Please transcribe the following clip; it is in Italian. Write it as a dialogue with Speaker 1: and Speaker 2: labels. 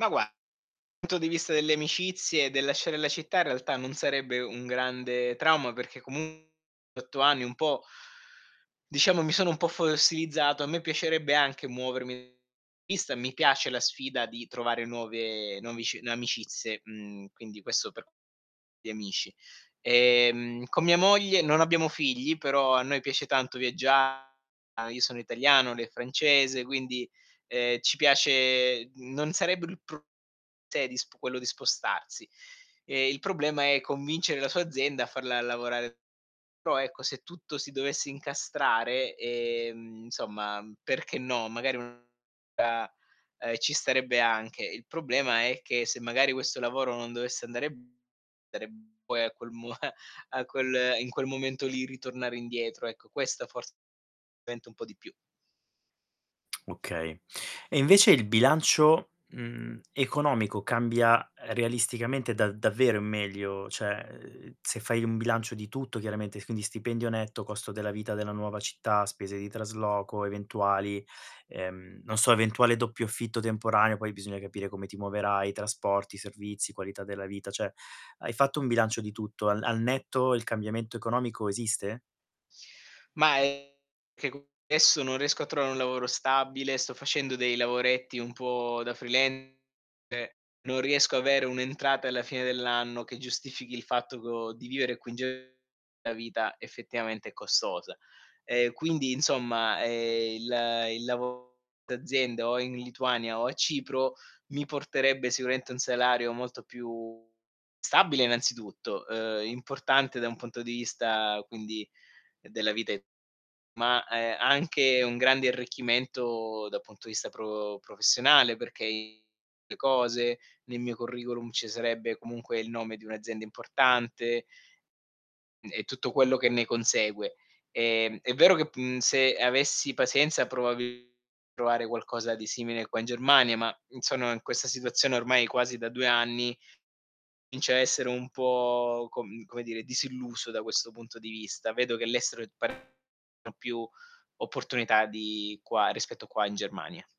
Speaker 1: Ma gua punto di vista delle amicizie e del lasciare la città, in realtà, non sarebbe un grande trauma, perché comu 8 anni un po' diciamo, mi sono un po' fossilizzato. A me piacerebbe anche muovermi vista, mi piace la sfida di trovare nuove novici amicizie, mhmm, quindi questo per gli amici. Ehm, con mia moglie non abbiamo figli, però a noi piace tanto viaggia io sono italiano, lei è francese, quindi, ehm, ci piace d non sarebbe il pru cioè, di sp quello di spostarsi. Ehm, il problema è convincere la sua azienda a farla lavorare però, ecco, se tutto si dovesse incastrare, ehm, insomma, perché no, magari [unintelligible] ehm, ci starebbe anche, il problema è che se magari questo lavoro non dovesse andare [unintelligible] poi a quel mu a quel in quel momento, lì ritornare indietro, ecco, questa fors [unintelligible] un po' di più.
Speaker 2: Okay. E invece il bilancio, mhmm, economico cambia realisticamente da davvero in meglio? Cioè, ehm, se fai un bilancio di tutto chiaramente, quindi: stipendio netto, costo della vita della nuova città, spese di trasloco eventuali, ehm, non so, eventuale doppio affitto temporaneo, poi bisogna capire come ti muoverai, trasporti, servizi, qualità della vita. Cioè, hai fatto un bilancio di tutto: al al netto il cambiamento economico esiste?
Speaker 1: Mah, è che co esso non riesco a trovare un lavoro stabile, sto facendo dei lavoretti un po' da freelance, e non riesco avere un'entrata alla fine dell'anno che giustifichi il fatto co di vivere qui in Ge la vita effettivamente è costosa. Ehm, quindi, insomma, ehm, il il lavo d'azienda, o è in Lituania o a Cipro, mi porterebbe sicuramente un salario molto più stabile innanzitutto, uhm, importante da un punto di vista, quindi, della vita e ma, ehm, anche un grande arricchimento da punto di vista pro professionale, perché i le cose, ne mio curriculum ci sarebbe comunque il nome di un'azienda importante n e tutto quello che ne consegue. Ehm, è vero che pu mhmm, se avessi pazienza, probabi provare qualcosa di simile qua in Germania ma, mhmm, sonoin questa situazione ormai quasi da 2 anni, comincio a essere un po', com come dire, disilluso da questo punto di vista. Vedo che l'estero è pa no, più opportunità di qua rispetto qua in Germania.